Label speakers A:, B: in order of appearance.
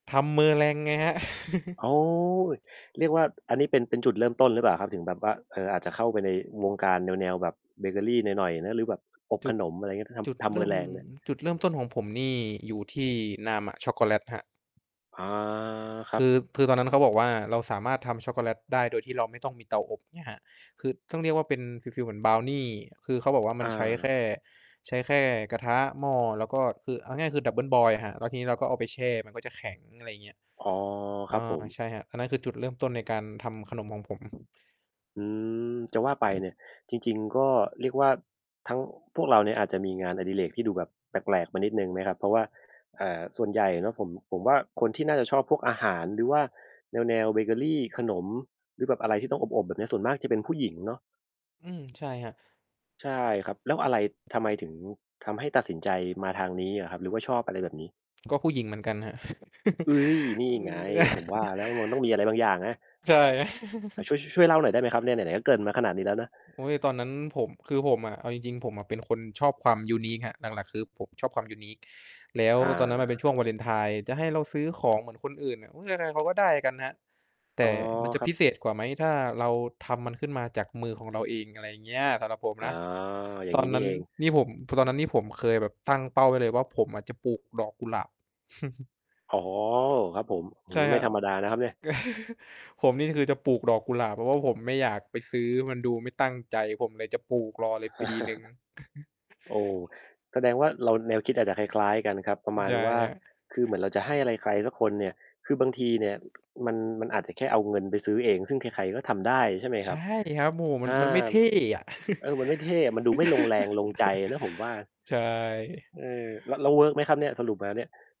A: ทำ Meringue ไงครับ
B: โอ้ เรียกว่า อันนี้เป็น เป็นจุดเริ่มต้นหรือเปล่าครับ? ถึงแบบว่า เออ อาจจะเข้าไปในวงการแนว ๆ แบบเบเกอรีหน่อย ๆ นะ หรือแบบอบ
A: จุ
B: ข
A: ด
B: นม อะไรเงี้ย ถ้าท
A: จุด
B: ำ ท
A: เ
B: ำ
A: ริ่ม
B: Meringue เนี่ย
A: จุดเริ่มต้นของผมนี่อยู่ที่ Nama Chocolate ครับ
B: อา คร
A: ค
B: ับ
A: ือ คือตอนนั้นนะเขาบอกว่า เราสามารถทำช็อกโกแลตได้โดยที่เราไม่ต้องมีเตาอบ เงี้ยครับ คือต้องเรียกว่าเป็นฟีล ๆ เหมือนบราวนี คือเขาบอกว่ามั
B: อ
A: นใช้แค่
B: า
A: ใช้แค่กระทะ หม้อ แล้วก็ คือเอาง่าย ๆ คือ Double boil อะครับ แล้วทีนี้เราก็เอาไปแช่ มันก็จะแข็ง อะไรเงี้ย
B: อ๋อ
A: อ
B: ครับผ
A: า
B: ม
A: ใช่ครับ อันนั้นคือจุดเริ่มต้นในการทำขนมของผม
B: อือ จะว่าไปเนี่ย จริง ๆ ก็เรียกว่า ทั้ง พวกเราเนี่ยอาจจะมีงานอดิเรกที่ดูแบบแปลก ๆ มานิดหนึ่งไหมครับ? เพราะว่า อ่า ส่วนใหญ่เนาะ ผม ผมว่าคนที่น่าจะชอบพวกอาหาร หรือว่าแนว ๆ เบเกอรี ขนม หรือแบบอะไรที่ต้องอบ ๆ แบบเนี้ย ส่วนมากจะเป็นผู้หญิงเนาะ
A: อืม ใช่ครับ
B: ใช่ครับ แล้วอะไร ทำไมถึงทำให้ตัดสินใจมาทางนี้อะครับ หรือว่าชอบอะไรแบบนี้?
A: ก็ผู้หญิงเหมือนกันครับ
B: อุ๊ย! นี่
A: อื
B: ไง
A: ม
B: ผมว่าแล้ว มันต้องมีอะไรบางอย่างนะ
A: ใช่
B: อา ช่วย ช ช่วยเล่าหน่อยได้ไหมครับ? เนี่ยไหน ๆ ก็เกริ่นมาขนาดนี้แล้วนะ
A: โอ๊ย ตอนนั้นผม คือผมอะ เอาจริง ๆ ผมอะเป็นคนชอบความ unique ครับ หลัก ๆ คือผมชอบความ unique แล้ว
B: อา
A: ตอนนั้นมันเป็นช่วงวาเลนไทน์ จะให้เราซื้อของเหมือนคนอื่นน่ะ โอ๊ย ใคร ๆ เขาก็ได้กันครับ แต
B: อ๋อ
A: ่มันจะ
B: คร
A: พ
B: ับ
A: ิเศษกว่าไหม ถ้าเราทำมันขึ้นมาจากมือของเราเอง อะไรอย่างเงี้ย สำหรับผม
B: อ๋อ
A: นะ
B: อย่า
A: ต
B: ง
A: อ
B: ง
A: น
B: ี้
A: น
B: นี
A: ั
B: ่
A: ้น
B: เอง
A: นี่ผม ตอนนั้นนี่ผมเคยแบบตั้งเป้าไว้เลยว่า ผมอะจะปลูกดอกกุหลาบ
B: อ๋อ ครับผม อื้
A: ใ
B: อ
A: ช
B: ฮ
A: ่
B: ือ ไ
A: ค
B: ม่
A: รับ
B: ธรรมดานะครับเนี่ย
A: ผมนี่คือจะปลูกดอกกุหลาบ เพราะว่าผมไม่อยากไปซื้อ มันดูไม่ตั้งใจ ผมเลยจะปลูกรอเลยปีหนึ่ง
B: โอ้ แสดงว่าเราแนวคิดอาจจะคล้าย ๆ กันครับ ประมา
A: ใช
B: ณ
A: ่
B: ว่า
A: ครับ
B: คือเหมือนเราจะให้อะไรใครสักคนเนี่ย คือบางทีเนี่ย อ มัน มันอาจจะแค่เอาเงินไปซื้อเอง ซึ่งใคร ๆ ก็ทำได้ ใช่ไหม
A: ใ
B: ค
A: ช
B: ร
A: ่
B: ับ?
A: ครับ โอ้โฮ มั
B: อ
A: น
B: า
A: มันไม่เท่อะ
B: เออ มันไม่เท่อะ มันดูไม่ลงแรงลงใจอะนะผมว่า
A: ใช่
B: เออ แล้ว แล้วเวิร์กไหมครับเนี่ย สรุปแล้วเนี่ย